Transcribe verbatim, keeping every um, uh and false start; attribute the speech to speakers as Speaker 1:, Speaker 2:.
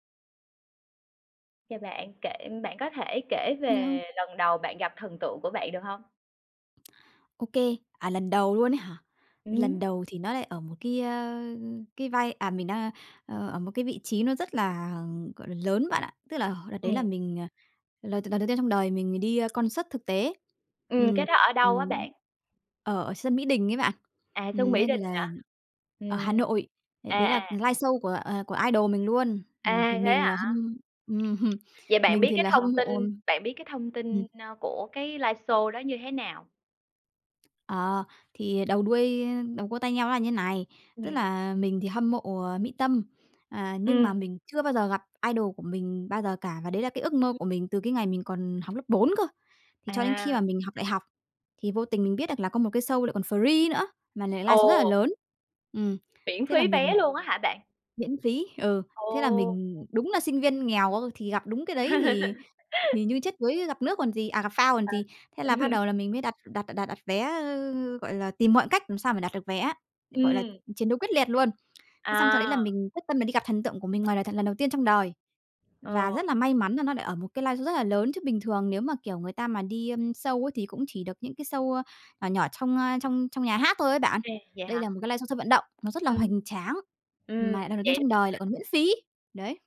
Speaker 1: Chào bạn. Kể bạn có thể kể
Speaker 2: Yeah.
Speaker 1: về lần đầu bạn gặp thần tượng của bạn được hông?
Speaker 2: Ô kê, à, lần đầu luôn ấy hả? Lần
Speaker 1: Ừm.
Speaker 2: đầu thì nó lại ở một cái, a, cái vai à, mình đang ờ, ở một cái vị trí nó rất là, gọi là, lớn bạn ạ. Tức là h đợt đấy là
Speaker 1: Ừm.
Speaker 2: mình, à, lần đ lần đầu tiên trong đời mình đi concert thực tế.
Speaker 1: Ừm, cái
Speaker 2: Ừm,
Speaker 1: đó ở đâu á
Speaker 2: ừm,
Speaker 1: bạn?
Speaker 2: ở sân Mỹ Đình ấy bạn.
Speaker 1: À, sân
Speaker 2: Ừm,
Speaker 1: Mỹ
Speaker 2: nên
Speaker 1: Đình hả?
Speaker 2: là ở Hà
Speaker 1: Ừm.
Speaker 2: Nội, đấy
Speaker 1: À,
Speaker 2: đấy là
Speaker 1: à.
Speaker 2: liveshow của, à, của idol mình luôn. Ừm, thì
Speaker 1: À, thế
Speaker 2: mình là
Speaker 1: hả?
Speaker 2: hâm ừm,
Speaker 1: Vậy bạn
Speaker 2: mình
Speaker 1: biết
Speaker 2: thì
Speaker 1: cái
Speaker 2: là hâm
Speaker 1: thông
Speaker 2: mộ
Speaker 1: tin bạn biết cái thông
Speaker 2: ừm.
Speaker 1: tin, ơ, của cái liveshow đó như thế nào?
Speaker 2: Ờ, thì đầu đuôi đầu cua tai nheo nó là như thế này. Tức
Speaker 1: Ừm.
Speaker 2: là mình thì hâm mộ, ờ, Mỹ Tâm, à, nhưng mà
Speaker 1: Ừm.
Speaker 2: mình chưa bao giờ gặp idol của mình bao giờ cả, và đấy là cái ước
Speaker 1: Ừm,
Speaker 2: mơ
Speaker 1: ừm.
Speaker 2: của mình từ cái ngày mình còn học lớp bốn cơ. Thì cho đến khi
Speaker 1: À.
Speaker 2: mà mình học đại học, thì vô tình mình biết được là có một cái show lại còn free nữa, mà lại liveshow rất là
Speaker 1: Ồ!
Speaker 2: lớn. Ừm,
Speaker 1: Miễn
Speaker 2: thế là
Speaker 1: phí vé
Speaker 2: mình
Speaker 1: luôn á hả bạn?
Speaker 2: Miễn phí, ừ.
Speaker 1: Ồ,
Speaker 2: Thế là
Speaker 1: ồ!
Speaker 2: mình đúng là sinh viên nghèo á, thì gặp đúng cái đấy thì thì như chết đuối gặp nước còn gì, à gặp phao còn
Speaker 1: À!
Speaker 2: gì. Thế là bắt đầu là mình mới đặt đặt đặt đặt vé, ơ, gọi là, tìm mọi cách làm sao mà đặt được vé á, gọi là,
Speaker 1: Ừm.
Speaker 2: chiến đấu quyết liệt luôn. Thế xong sau đấy là
Speaker 1: À!
Speaker 2: mình quyết tâm mình đi gặp thần tượng của mình ngoài đời thật lần đầu tiên trong đời, và
Speaker 1: Ờ.
Speaker 2: rất là may mắn là nó lại ở một cái liveshow rất là lớn, chứ bình thường nếu mà, kiểu, người ta mà đi, ờm, show ấy thì cũng chỉ được những cái show, ơ, nhỏ nhỏ trong, a, trong trong nhà hát thôi ấy bạn.
Speaker 1: Ô kê, vậy
Speaker 2: Đây
Speaker 1: hả?
Speaker 2: là một cái liveshow sân vận động, nó rất là
Speaker 1: Ừm.
Speaker 2: hoành tráng,
Speaker 1: Ừm,
Speaker 2: mà lại lần đầu tiên
Speaker 1: vậy
Speaker 2: trong
Speaker 1: luôn
Speaker 2: đời
Speaker 1: hả?
Speaker 2: lại còn miễn phí. Đấy.